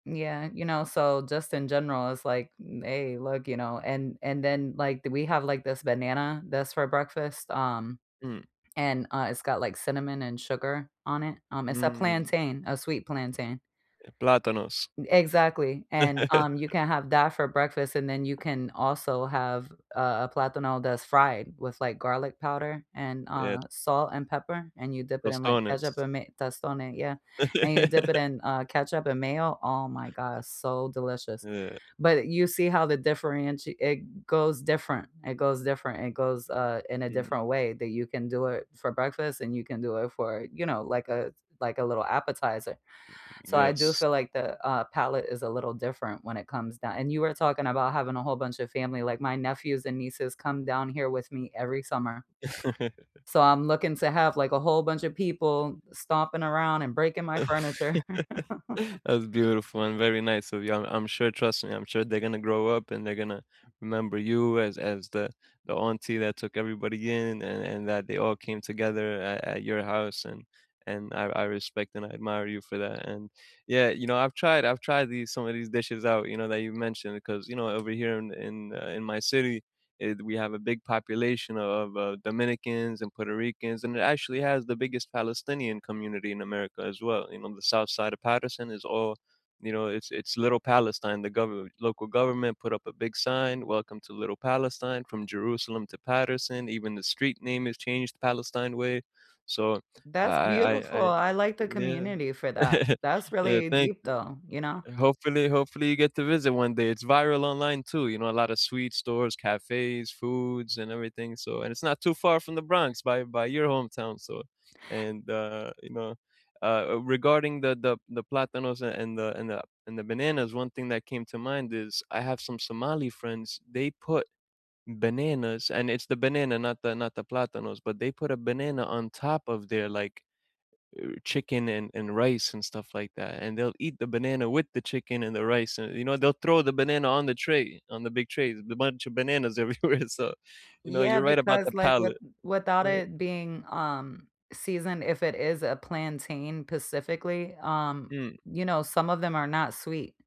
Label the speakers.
Speaker 1: Yeah, you know, so just in general, it's like, n hey, look, you know, and and then, like, th we have like this banana that's for breakfast, um,
Speaker 2: Mm.
Speaker 1: and, uh, it's got, like, cinnamon and sugar on it, um it's a
Speaker 2: Mm.
Speaker 1: plantain, a sweet plantain.
Speaker 2: Yeah, plátanos.
Speaker 1: Exactly, and, um, you can have that for breakfast, and then you can also have a a plátano that's fried with, like, garlic powder and,
Speaker 2: Yeah.
Speaker 1: uh, salt and pepper, and you dip it in, like, ketchup
Speaker 2: Tostones.
Speaker 1: and may Tostones, yeah, and you dip it in, uh, ketchup and mayo oh my god, it's so delicious,
Speaker 2: Yeah.
Speaker 1: but you see how the differenti it goes different, it goes different, it goes, uh, in a
Speaker 2: Hmm.
Speaker 1: different way that you can do it for breakfast and you can do it for, you know, like a s like a little appetizer.
Speaker 2: Mm-mm,
Speaker 1: So, I do
Speaker 2: yes.
Speaker 1: feel like the, uh, palate is a little different when it comes down and you were talking about having a whole bunch of family, like, my nephews and nieces come down here with me every summer. So, I'm looking to have, like, a whole bunch of people stomping around and breaking my furniture.
Speaker 2: That's beautiful and very nice, so, yeah, I'm I'm sure, trust me, I'm sure they gonna grow up, and they're gonna remember you as as the the auntie that took everybody in an and that they all came together at at your house, and and I I respect and I admire you for that, and Yeah, you know, I've tried I've tried these some of these dishes out, you know, that you've mentioned 'cause, you know, over here in in, uh, in my city, eh, th we have a big population o of, uh, Dominicans and Puerto Ricans, and it actually has the biggest Palestinian community in America as well, you know, the south side of Paterson is all you know it's it's Little Palestine The gover local government put up a big sign, Welcome to Little Palestine, From Jerusalem to Paterson, even the street name is changed Palestine Way. So I
Speaker 1: That's
Speaker 2: I I
Speaker 1: beautiful,
Speaker 2: I,
Speaker 1: I like
Speaker 2: eh,
Speaker 1: the
Speaker 2: uh, yeah.
Speaker 1: community for that. That's
Speaker 2: Uh,
Speaker 1: really
Speaker 2: thank
Speaker 1: deep
Speaker 2: you
Speaker 1: though, you know.
Speaker 2: Hopefully hopefully you get to visit one day, it's viral online too, you know, a lotta sweet stores, cafes, foods, and everything so and it's not too far from the Bronx by by your hometown, so, and, uh, you know uh, a regarding the the the plátanos, a and the and the and the bananas, one thing that came to mind is, I have some Somali friends, they put bananas and it's the banana not the not the plátanos, but they put a banana on top of their, like, uh, chicken and and rice and stuff like that, and they'll eat the banana with the chicken and the rice, and, you know, they'll throw the banana on the tray, on the big trays, the bunch of bananas everywhere so, you know,
Speaker 1: Yeah,
Speaker 2: you're right about the
Speaker 1: because, like, with
Speaker 2: palate.
Speaker 1: without
Speaker 2: U uh
Speaker 1: it being, um, seasoned, if it is a plantain pacifically, um,
Speaker 2: Mm.
Speaker 1: you know, some of them are not sweet.